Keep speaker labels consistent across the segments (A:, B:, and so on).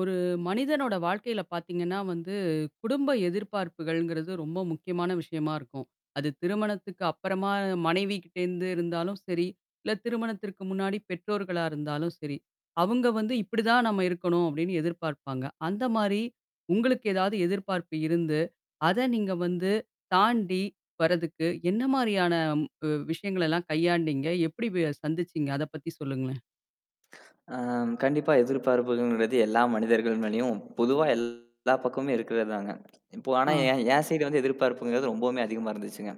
A: ஒரு மனிதனோட வாழ்க்கையில பார்த்தீங்கன்னா வந்து, குடும்ப எதிர்பார்ப்புகள்ங்கிறது ரொம்ப முக்கியமான விஷயமா இருக்கும். அது திருமணத்துக்கு அப்புறமா மனைவி கிட்ட இருந்து இருந்தாலும் சரி, இல்ல, திருமணத்திற்கு முன்னாடி பெற்றோர்களாக இருந்தாலும் சரி, அவங்க வந்து "இப்படி தான் நாம இருக்கணும்." அப்படின்னு எதிர்பார்ப்பாங்க. அந்த மாரி உங்களுக்கு ஏதாவது எதிர்பார்ப்பு இருந்து, அதை நீங்க வந்து தாண்டி, வர்றதுக்கு, என்ன மாரியான அ விஷயங்களை எல்லாம் கையாண்டீங்க? எப்படி வெ சந்திச்சீங்க? அத பத்தி சொல்லுங்களேன்.
B: ஆ, கண்டிப்பா எதிர்பார்ப்புங்கிறது எல்லா மனிதர்களின் மேலயும் பொதுவா எல்லா பக்கமும் இருக்கிறதாங்க. இப்ப ஆனா
A: ஆ.
B: என் என் சைடு வந்து எதிர்பார்ப்புங்கிறது ரொம்பவுமே அதிகமா இருந்துச்சுங்க.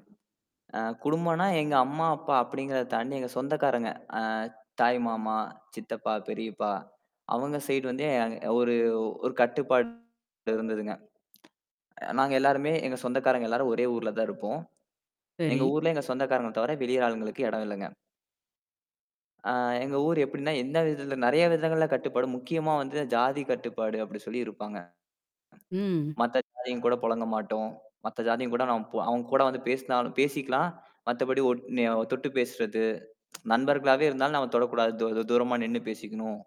B: ஆ, குடும்பன்னா எங்க அம்மா, அப்பா அப்படிங்கிறத தாண்டி எங்க சொந்தக்காரங்க. ஆ, தாய்மாமா, சித்தப்பா, பெரியப்பா. அவங்க சைடு வந்து ஒரு ஒரு கட்டுப்பாடு இருந்ததுங்க. அ நாங்க எல்லாருமே எங்க சொந்தக்காரங்க எல்லாரும் ஒரே ஊர்லதான் இருப்போம். எங்க
A: சரி.
B: ஊர்ல எங்க சொந்தக்காரங்க தவிர வெளி ஆளுங்களுக்கு எடம் இல்லங்க. ஆ, எங்க ஊர் எப்படின்னா எந்த விதத்துல நிறைய விதங்கள்ல கட்டுப்பாடு, முக்கியமா வந்து ஜாதி கட்டுப்பாடு, அப்படி சொல்லி இருப்பாங்க.
A: ம்.
B: மத்த ஜாதியங்க கூடப் பொழங்க மாட்டோம். மத்த ஜாதியங்க கூடங் நாம அவங்க கூட வந்து பேசினாலும் பேசிக்கலாம். மத்தபடி ஒட் நி தொட்டு பேசுறது நண்பர்களாவே இருந்தாலும் நாம தொடக் கூடாது. தூ தூரமா நின்னு பேசிக்கணும்.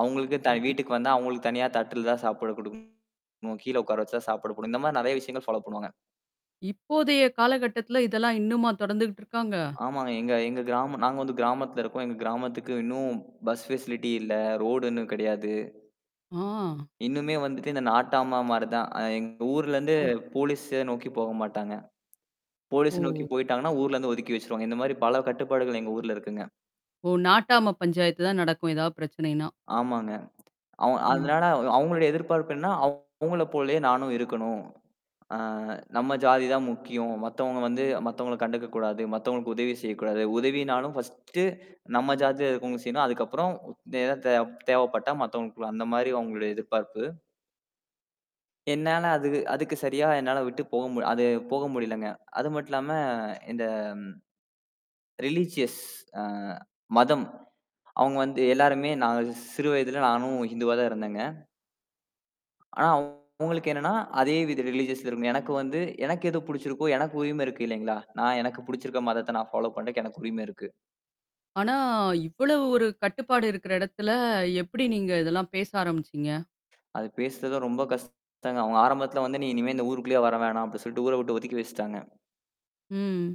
B: அவங்களுக்கு தான்
A: ம்ஹ்ம்.
B: வீட்டுக்கு வந்தா அவங்களுக்கு தனியா தட்டில தான் சாப்பாடு குடுக்கணும். கீழே உட்கார வச்சு தான் சாப்பிடக் குடு இந்த மாரி நிறைய விஷயங்கள் ஃபாலோ பண்ணுவாங்க.
A: இப்போதைய காலகட்டத்துல இதெல்லாம் இன்னுமா தொடர்ந்துட்டு இருக்காங்க?
B: ஆமாங்க, எங்க எங்க கிராமம் நாங்க வந்து கிராமத்துல இருக்கோம். எங்க கிராமத்துக்கு இன்னும் பஸ் ஃபெஷலிட்டி இல்ல. ரோடு இன்னும் கிடையாது.
A: ஆ!
B: இன்னுமே வந்துட்டு இந்த நாட்டாமா மாரிதான். எங்க ஊர்ல இருந்து
A: ஆ.
B: போலீச நோக்கிப் போகமாட்டாங்க. போலீஸ்
A: ஓ!
B: நோக்கிப் போயிட்டாங்கன்னா, ஊர்ல இருந்து ஒதுக்கி வச்சிருவாங்க. இந்த மாரி பல கட்டுப்பாடுகள் எங்க ஊர்ல இருக்குங்க.
A: ஓ! நாட்டாம பஞ்சாயத்துதான் நடக்கும், ஏதாவது பிரச்சனைனா!
B: ஆமாங்க. அவ்
A: ம்.
B: அதனால அவங்களோட எதிர்பார்ப்பு என்னன்னா அவங்கள போலேயே நானும் இருக்கணும். ஆ, "நம்ம ஜாதிதான் முக்கியம். மத்தவங்க வந்து மத்தவங்கள கண்டுக்கக் கூடாது. மத்தவங்களுக்கு உதவி செய்யக் கூடாது. உதவின்னாலும் ஃபர்ஸ்ட்டு, நம்ம ஜாதியில இருக்குறவங்களுக்கு செய்யணும். அதுக்கப்புறம் எதா தே தேவைப்பட்டா மத்தவங்களுக்குளாம்." அந்த மாதிரி அவங்களோட எதிர்பார்ப்பு. என்னால அது அதுக்கு சரியா என்னால விட்டுப் போக அது போக முடியலைங்க. அது மட்டுமில்லாம இந்த ஆ ரிலிஜியஸ் அ மதம். அவங்க வந்து எல்லாருமே நாங்க சிறு வயதில நானும் இந்துவாதான் இருந்தேங்க. ஆனா அவங்களுக்கு என்னன்னா அதே வித ரிலிஜியஸ் இருந்து எனக்கு வந்து, எனக்கு எது பிடிச்சிருக்கோ! எனக்கு உரிமை இருக்கு இல்லீங்களா? நான் எனக்குப் பிடிச்சிருக்கிற மதத்தை நான் ஃபோலா பண்ணறதுக்கு எனக்கு உரிமை இருக்கு.
A: ஆனா, இவ்வளவு ஒரு கட்டுப்பாடு இருக்குற இடத்துல எப்படி நீங்க இதெல்லாம் பேச ஆரம்பிச்சீங்க?
B: அது பேசுறது ரொம்ப கஷ்டங்க. அவங்க ஆரம்பத்துல வந்து, "நீ இனிமே இந்த ஊருக்குள்ளே வர வேணாம்." அப்படி சொல்லிட்டு ஊரை விட்டு ஒதுக்கி வச்சிட்டாங்க.
A: ம்.